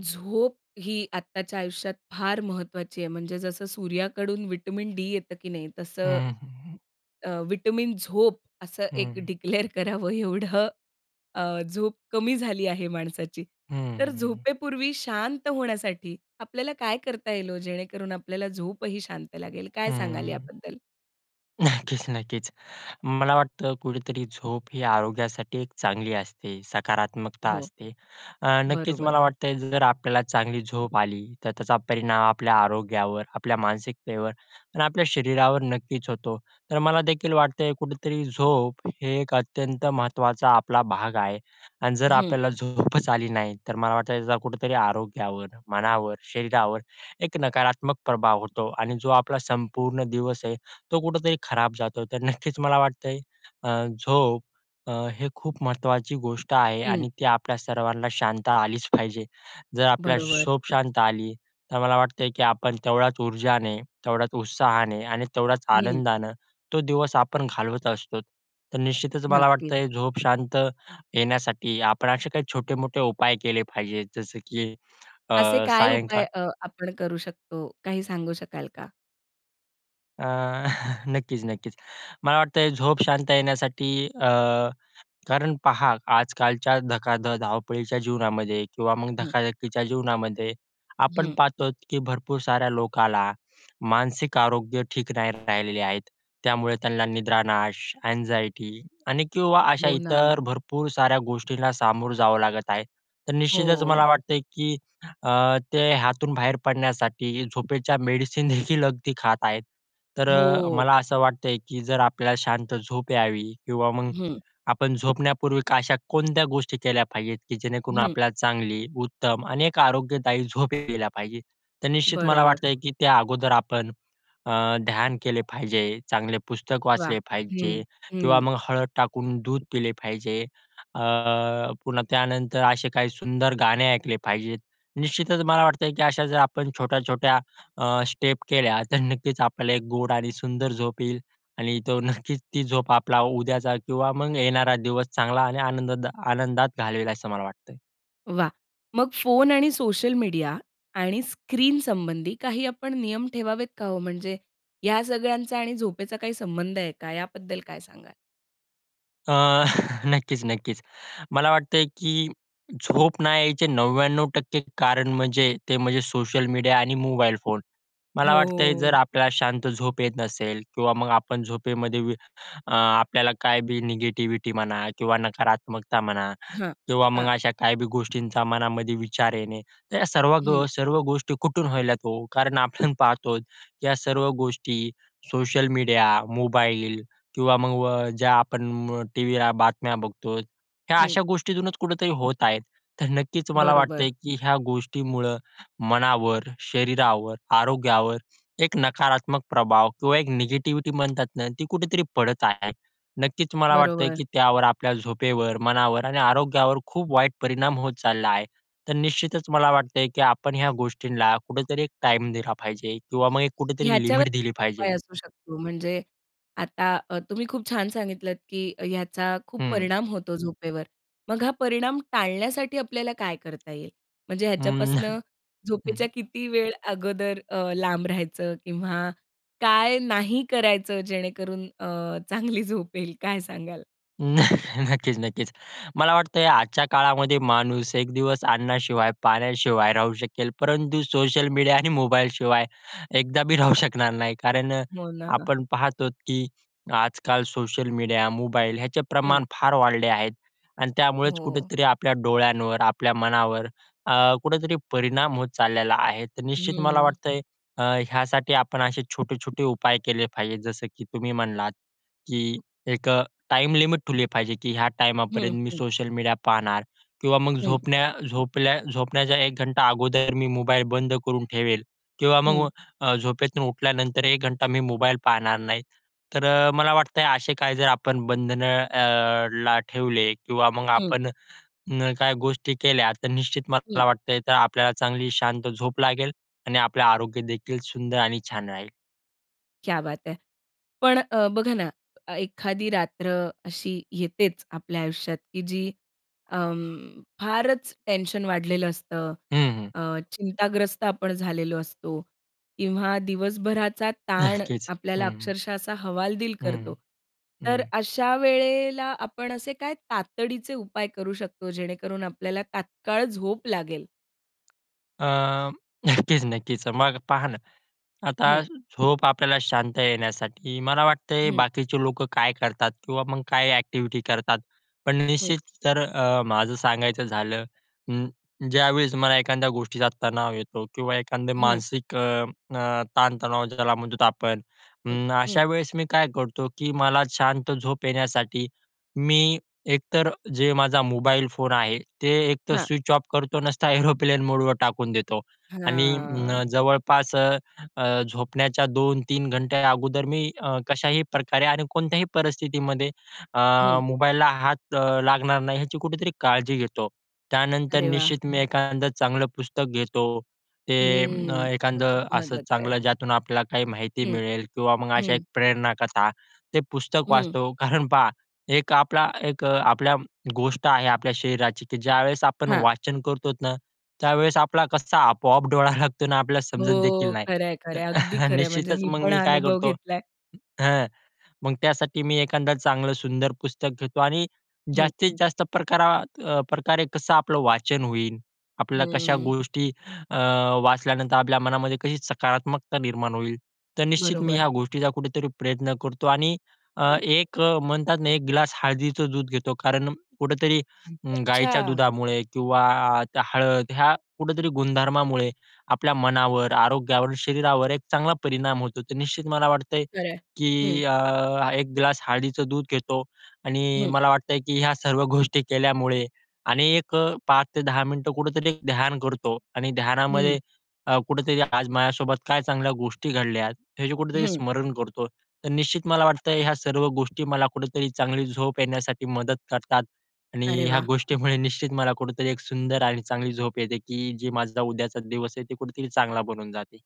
झोप ही आत्ताच्या आयुष्यात फार महत्त्वाची आहे. म्हणजे जसं सूर्याकडून विटामिन डी येतं, की नाही तसं, हं, हं, हं. अ, विटामिन झोप असं हं, एक हं. डिक्लेअर करावं एवढं अ, झोप कमी झाली आहे माणसाची. हं, तर हं, हं. झोपेपूर्वी शांत होण्यासाठी आपल्याला काय करता येईल ओ? जेणेकरून आपल्याला झोपही शांत लागेल काय सांगाल हं. याबद्दल? नक्कीच, नक्कीच. मला वाटतं कुठेतरी झोप ही आरोग्यासाठी एक चांगली असते, सकारात्मकता हो. असते. अ, नक्कीच बरोबर. मला वाटतं आहे जर आपल्याला चांगली झोप आली, तर त्याचा परिणाम आपल्या आरोग्यावर, आपल्या मानसिकतेवर आणि आपल्या शरीरावर नक्कीच होतो. तर मला देखील वाटतंय कुठेतरी झोप हे एक अत्यंत महत्त्वाचा आपला भाग आहे. आणि जर हं. आपल्याला झोपच आली नाही. तर मला वाटतं त्याचा कुठेतरी आरोग्यावर, मनावर, शरीरावर एक नकारात्मक प्रभाव होतो. आणि जो आपला संपूर्ण दिवस आहे, तो कुठेतरी खराब जातो. तर नक्कीच मला वाटतं आहे अ, झोप अ, हे खूप महत्त्वाची गोष्ट आहे हं. आणि ती आपल्या सर्वांना शांत आलीच पाहिजे. जर आपल्या बरोबर. झोप शांत आली, तर मला वाटतं आहे, की आपण तेवढ्याच ऊर्जाने, तेवढ्याच उत्साहाने आणि तेवढ्याच हं. आनंदानं तो दिवस आपण घालवत असतो. तर निश्चितच मला नक्कीच. वाटतं आहे झोप शांत येण्यासाठी आपण असे काही छोटे-मोठे उपाय केले पाहिजे जसं, की असे अ, काय सायंकाळ उपाय अ, आपण करू शकतो, काही सांगू शकाल का? अ, नक्कीच-नक्कीच. मला वाटतं झोप शांत येण्यासाठी अ कारण पाहा, आजकालच्या धकाध धावपळीच्या जीवनामध्ये किंवा मग हं. धकाधकीच्या जीवनामध्ये आपण हं. पाहतो की भरपूर साऱ्या लोकांना मानसिक आरोग्य ठीक नाही राहिलेले आहेत. त्यामुळे त्यांना निद्रानाश, अँग्झायटी आणि किंवा अशा हो ना. इतर भरपूर साऱ्या गोष्टींना सामोरं जावं लागत आहे. तर निश्चितच मला हो. वाटतं की अ, ते हातून बाहेर पडण्यासाठी झोपेच्या मेडिसिन देखील अगदी खात आहेत. तर अ, हो. मला असं वाटतंय की जर आपल्याला शांत झोप यावी किंवा मग, हं. आपण झोपण्यापूर्वी अशा कोणत्या गोष्टी केल्या पाहिजे की जेणेकरून हं. आपल्याला चांगली, उत्तम अनेक आरोग्यदायी झोप यायला पाहिजे. तर निश्चित मला बरोबर. वाटतं की त्या अगोदर आपण, अ, ध्यान केले पाहिजे, चांगले पुस्तक वाह! वाचले हं, पाहिजे किंवा हं. मग हळद टाकून दूध पिले पाहिजे. अ पुन्हा त्यानंतर असे काही सुंदर गाणे ऐकले पाहिजे. निश्चितच मला वाटतं, की अशा जर आपण छोट्या-छोट्या अ, स्टेप केल्या तर नक्कीच आपल्याला एक गोड आणि सुंदर झोप येईल. आणि तो नक्कीच ती झोप आपला उद्याचा किंवा मग येणारा दिवस चांगला आणि आनंदात आनंदात घालवेल असं मला वाटतंय. वाह! मग फोन आणि सोशल मीडिया आणि स्क्रीनसंबंधी काही आपण नियम ठेवावेत का हो? म्हणजे या सगळ्यांचा आणि झोपेचा काही संबंध आहे का? याबद्दल काय सांगाल? अ, नक्कीच, नक्कीच. मला वाटतं आहे, की झोप नाही यायचे 99% कारण म्हणजे ते म्हणजे सोशल मीडिया आणि मोबाईल फोन. मला वाटतं आहे, जर हो. आपल्याला शांत झोप येत नसेल किंवा मग आपण झोपेमध्ये व अ, आपल्याला काय बी निगेटिविटी म्हणा किंवा नकारात्मकता म्हणा हां, किंवा मग हां. अशा काही बी गोष्टींचा मनामध्ये विचार येणे. तर या सर्व ग हं. सर्व गोष्टी कुठून होतात ओ? कारण आपण पाहतोच या सर्व गोष्टी, सोशल मीडिया, मोबाईल किंवा मग व ज्या आपण टीव्हीला बातम्या बघतो, ह्या हं. अशा गोष्टीतूनच कुठेतरी होत आहेत. तर नक्कीच, मला बरोबर. वाटतंय, की ह्या गोष्टीमुळं मनावर, शरीरावर, आरोग्यावर एक नकारात्मक प्रभाव किंवा एक निगेटिव्हिटी म्हणतात ना, ती कुठेतरी पडत आहे. नक्कीच मला वाटते, बरोबर. की त्यावर, आपल्या झोपेवर मनावर आणि आरोग्यावर खूप वाईट परिणाम होत चालला आहे. तर निश्चितच मला वाटतं आहे, की आपण ह्या गोष्टींना कुठेतरी एक टाईम दिला पाहिजे किंवा मग एक कुठेतरी ह्याच्यावर, लिमिट दिली पाहिजे उपाय असू शकतो म्हणजे आता अ, तुम्ही खूप छान सांगितलत, की याचा खूप हं. परिणाम होतो झोपेवर. मग हा परिणाम टाळण्यासाठी आपल्याला काय करता येईल, म्हणजे हं, ह्याच्यापासून हं. झोपेच्या किती वेळ अगोदर अ, लांब राहायचं किंवा काय नाही करायचं जेणेकरून अ, चांगली झोपेल काय सांगाल? न नक्कीच, नक्कीच. मला वाटतं आजच्या काळामध्ये माणूस एक दिवस अन्नाशिवाय, पाण्याशिवाय राहू शकेल. परंतु सोशल मीडिया आणि मोबाईलशिवाय एकदा बी राहू शकणार नाही. कारण हो ना. आपण पाहत आहोत की आजकाल सोशल मीडिया, मोबाईल ह्याचे हं. प्रमाण फार वाढले आहेत. आणि हो, त्यामुळेच हो. कुठेतरी आपल्या डोळ्यांवर, आपल्या मनावर अ, कुठेतरी परिणाम होत चाललेला आहे. तर निश्चित मला हम्म. वाटतंय अ, ह्यासाठी आपण असे छोटे, छोटे उपाय केले पाहिजे. जसं की तुम्ही म्हणलात की एक अ, टाइम लिमिट ठेवली पाहिजे, की ह्या हं. टायमापर्यंत मी हं. सोशल मीडिया पाहणार किंवा मग हं. झोपण्या झोपल्या झोपण्याचा 1 घंटा अगोदर मी मोबाईल बंद करून ठेवेल किंवा मग हं. अ, झोपेतून उठल्यानंतर 1 घंटा मी मोबाईल पाहणार नाही. तर अ, मला वाटतंय असे काही जर आपण बंधनं अ, ला ठेवले किंवा मग हं. आपण अ, काही गोष्टी केल्या तर निश्चित हं. मला वाटतंय तर आपल्याला चांगली शांत झोप लागेल आणि आपलं आरोग्य देखील सुंदर आणि छान राहील. क्या बात है! पण अ, बघा ना, ए एखादी रात्र अशी येतेच आपल्या आयुष्यात, की जी अं, फारच टेन्शन वाढलेलं असतं, हं, हं. अ, चिंताग्रस्त आपण झालेलो असतो किंवा दिवसभराचा ताण नक्कीच, आपल्याला हं. अक्षरशः असा हवालदिल हं, करतो. हं. तर हं. अशा वेळेला आपण असे काय तातडीचे उपाय करू शकतो, जेणेकरून आपल्याला तात्काळ झोप लागेल? अ, नक्कीच, नक्कीच. मग पहा ना, आता हं. झोप आपल्याला शांत येण्यासाठी, मला वाटतंय हं. बाकीचे लोकं काय करतात किंवा मग काय ॲक्टिव्हिटी करतात? पण हं. निश्चित तर अ, माझं सांगायचं झालं, अं, ज्यावेळेस मला एखाद्या गोष्टीचा तणाव येतो किंवा एखादं हं. मानसिक अ, अ, ताणतणाव ज्याला म्हणतो आपण. हं, अं, हं. अशा वेळेस मी काय करतो की मला शांत झोप येण्यासाठी, मी एक तर जे माझा मोबाईल फोन आहे ते एकतर हां. स्विच ऑफ करतो नसता एरोप्लेन मोडवर टाकून देतो. आणि हां. अं, जवळपास अ, अ, झोपण्याच्या 2:00-3:00 घंटे अगोदर मी अ, कशाही प्रकारे आणि कोणत्याही परिस्थितीमध्ये अ, हं. मोबाईलला हात लागणार नाही, याची कुठेतरी काळजी घेतो. त्यानंतर अरे वाह! निश्चित मी एखादं चांगलं पुस्तक घेतो ते अ, हं, खूप एखादं असं महत्वाचं आहे. चांगलं ज्यातून आपल्याला काही माहिती हं, मिळेल किंवा मग अशा एक हं. प्रेरण कथा. ते पुस्तक हं. वाचतो, कारण पहा एक आपला एक आपल्या गोष्ट आहे आपल्या शरीराची की ज्यावेळेस आपण हां. वाचन करतो ना, त्यावेळेस आपला कसा आपोआप डोळा लागतो ना आपल्याला समजत देखील हो, नाही. खरं आहे, तर खरं आहे. अगदी खरं आहे. म्हणजे निश्चितच मी मग पण मी हा काय अनुभव करतो घेतलाय. हं, मग त्यासाठी मी एखादा चांगलं सुंदर पुस्तक घेतो आणि हं. जास्तीत जास्त प्रकारा प्रकारे कसं आपलं वाचन होईल, आपल्याला कशा हं. गोष्टी अ, वाचल्यानंतर आपल्या मनामध्ये कशी सकारात्मकता निर्माण होईल. तर निश्चित मी बरोबर. ह्या गोष्टीचा कुठेतरी प्रयत्न करतो. आणि अ, हं. एक म्हणतात ना, एक ग्लास हळदीचं दूध घेतो कारण कुठेतरी अं, गायीच्या अच्छा. दुधामुळे किंवा अ, त्या हळद, ह्या कुठेतरी गुणधर्मामुळे आपल्या मनावर, आरोग्यावर, शरीरावर एक चांगला परिणाम होतो. तर निश्चित मला वाटतंय खरं आहे. हं. की अ, एक ग्लास हळदीचं दूध घेतो, आणि हं. मला वाटतंय की ह्या सर्व गोष्टी केल्यामुळे अनेक 5:00 ते 10:00 मिनिटं कुठेतरी ध्यान करतो आणि हं. ध्यानामध्ये अ, कुठेतरी आज माझ्यासोबत काय चांगल्या गोष्टी घडल्यात, ह्याचे कुठेतरी हं. स्मरण करतो. तर निश्चित मला वाटतं, की ह्या सर्व गोष्टी मला कुठेतरी चांगली झोप येण्यासाठी मदत करतात आणि अरे ह्या वाह! गोष्टीमुळे निश्चित मला कुठेतरी एक सुंदर आणि चांगली झोप येते की जे माझा उद्याचा दिवस आहे, ते कुठेतरी चांगला बनून जाते.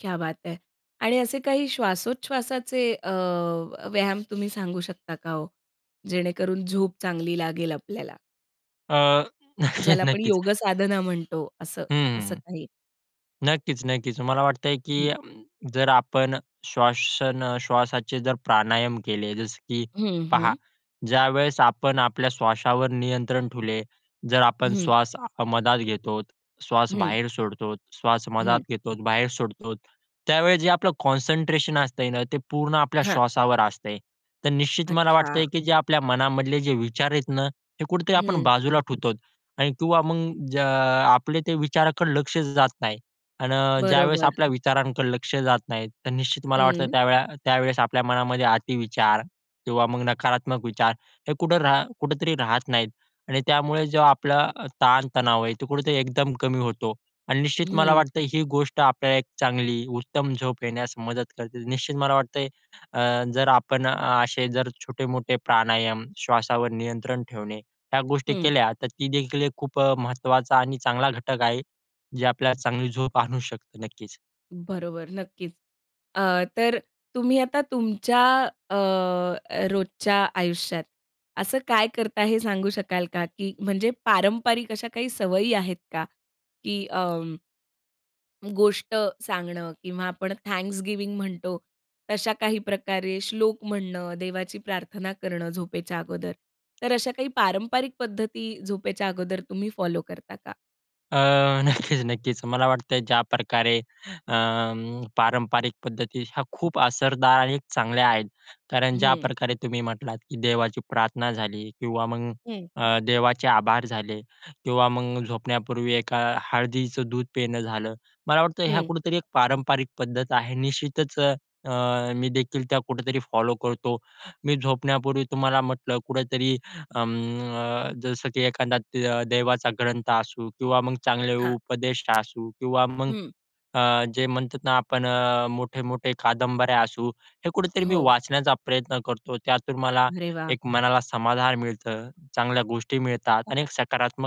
क्या बात है! आणि असे काही श्वासोच्छवासाचे अ, व्यायाम तुम्ही सांगू शकता का ओ? जेणेकरून झोप चांगली लागेल आपल्याला. अ, नक्कीच, ज्याला आपण नक्कीच. योगसाधना म्हणतो. असं, हं, हं, असं हं. काही? नक्कीच, नक्कीच. मला वाटतंय हं. की जर आपण श्वासन अ, श्वासाचे जर प्राणायाम केले. जसं की हं, पहा, हं. ज्यावेळेस आपण आपल्या श्वासावर नियंत्रण ठेवले, जर आपण हं. श्वासमध्यात घेतो हं. श्वासबाहेर सोडतो, श्वासमध्यात हं. घेतो, बाहेर सोडतो, त्यावेळेस जे आपलं कॉन्संट्रेशन असतंय ना, ते पूर्ण आपल्या हां. श्वासावर असतंय. तर निश्चित मला वाटतंय अच्छा. की जे आपल्या मनामधले जे विचार आहेत ना, हे कुठेतरी आपण हं. बाजूला ठेवतो. आणि किंवा मग अ, ज्या अ, आपले ते विचाराकडे लक्ष जात नाही. अन् ज्यावेळेस बरोबर. आपल्या विचारांकडे लक्ष जात नाही, तर निश्चित मला वाटतं हं. त्यावेळा त्यावेळेस आपल्या मनामध्ये अति विचार किंवा मग नकारात्मक विचार, हे कुठं रा कुठेतरी राहत नाहीत. आणि त्यामुळे जो आपला अ, ताण-तणाव आहे तो कुठेतरी एकदम कमी होतो. आणि निश्चित मला हं. वाटतं ही गोष्ट आपल्याला एक चांगली, उत्तम झोप येण्यास मदत करते. निश्चित मला वाटतयं अ, जर आपण असे जर छोटे-मोठे प्राणायाम, श्वासावर नियंत्रण ठेवणे ह्या गोष्टी हं. केल्या तर ती देखील एक खूप अ, महत्त्वाचा आणि चांगला घटक आहे. जे आपल्याला चांगली झोप आणू शकतो. नक्कीच. बरोबर. नक्कीच. अ, तर तुम्ही आता तुमच्या अ, रोजच्या आयुष्यात असं काय करता हे सांगू शकाल का की म्हणजे पारंपारिक अशा काही सवयी आहेत का? की अं गोष्ट सांगणं किंवा आपण थँक्सगिव्हिंग म्हणतो, तशा काही प्रकारे श्लोक म्हणणं, देवाची प्रार्थना करणं झोपेच्या अगोदर, तर अशा काही पारंपरिक पद्धती झोपेच्या अगोदर तुम्ही फॉलो करता का? अ, नक्कीच, नक्कीच. मला वाटतंय ज्याप्रकारे अं, पारंपरिक पद्धती ह्या खूप असरदार आणि चांगल्या आहेत. कारण हं. ज्याप्रकारे तुम्ही म्हटलात की देवाची प्रार्थना झाली किंवा मग हं. अ, देवाचे आभार झाले किंवा मग झोपण्यापूर्वी एका हळदीचं दूध पिणं झालं. मला वाटतं ह्या हं. कुठेतरी एक पारंपरिक पद्धत आहे. निश्चितच अ, अ, मी देखील त्या कुठेतरी फॉलो करतो. मी झोपण्यापूर्वी तुम्हाला म्हटलं कुठेतरी अं, अ, जसं की एखादा दे देवाचा ग्रंथ असू किंवा मग चांगले हां. उपदेश असू किंवा मग हं. अ, जे म्हणतात ना आपण अ, मोठे-मोठे कादंबऱ्या असू हे कुठेतरी मी हो. वाचण्याचा प्रयत्न करतो. त्यातून मला अरे वाह! एक मनाला समाधान मिळतं. चांगल्या गोष्टी मिळतात आणि एक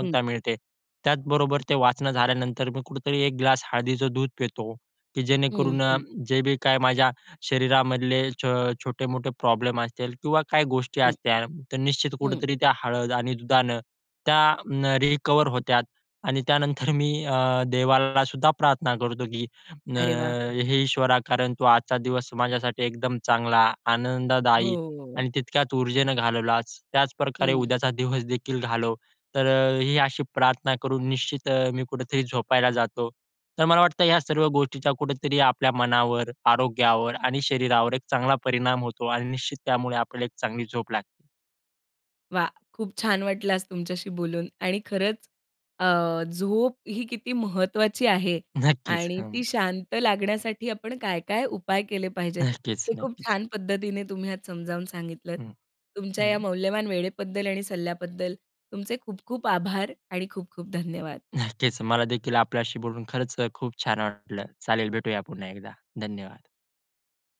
हं. मिळते. त्याचबरोबर ते वाचणं झाल्यानंतर मी कुठेतरी एक ग्लास हळदीचं दूध पितो की हं, जेणेकरून अ, हं. जे बी काय माझ्या शरीरामधले छ छोटे-मोठे प्रॉब्लेम असतील किंवा काही गोष्टी हं. असत्या तर निश्चित हं. कुठेतरी त्या हळद आणि दुधानं त्या अं, रिकव्हर होत्यात आणि त्यानंतर मी अ, देवाला सुद्धा प्रार्थना करतो की "अ, अरे वाह! हे ईश्वरा कारण तू आजचा दिवस माझ्यासाठी एकदम चांगला, आनंददायी हो. आणि तितक्याच ऊर्जेनं घालवलास, त्याचप्रकारे हं. उद्याचा दिवस देखील घालव." तर अ, ही अशी प्रार्थना करून निश्चित अ, मी कुठेतरी झोपायला जातो. तर मला वाटतं ह्या सर्व गोष्टीचा कुठेतरी आपल्या मनावर, आरोग्यावर आणि शरीरावर एक चांगला परिणाम होतो आणि निश्चित त्यामुळे आपल्याला एक चांगली झोप लागते. वाह! खूप छान वाटलं आज तुमच्याशी बोलून आणि खरंच अ, झोप ही किती महत्त्वाची आहे नक्कीच, आणि हं. ती शांत लागण्यासाठी आपण काय-काय उपाय केले पाहिजेत नक्कीच, हे खूप नक्कीच. छान पद्धतीने तुम्ही आज समजावून सांगितलंत. हं. तुमच्या या हं. मौल्यवान वेळेबद्दल आणि सल्ल्याबद्दल तुमचे खूप खूप आभार आणि खूप खूप धन्यवाद. नक्कीच, मला देखील आपल्याशी बोलून खरंच अ, खूप छान वाटलं. चालेल भेटूया पुन्हा एकदा. धन्यवाद.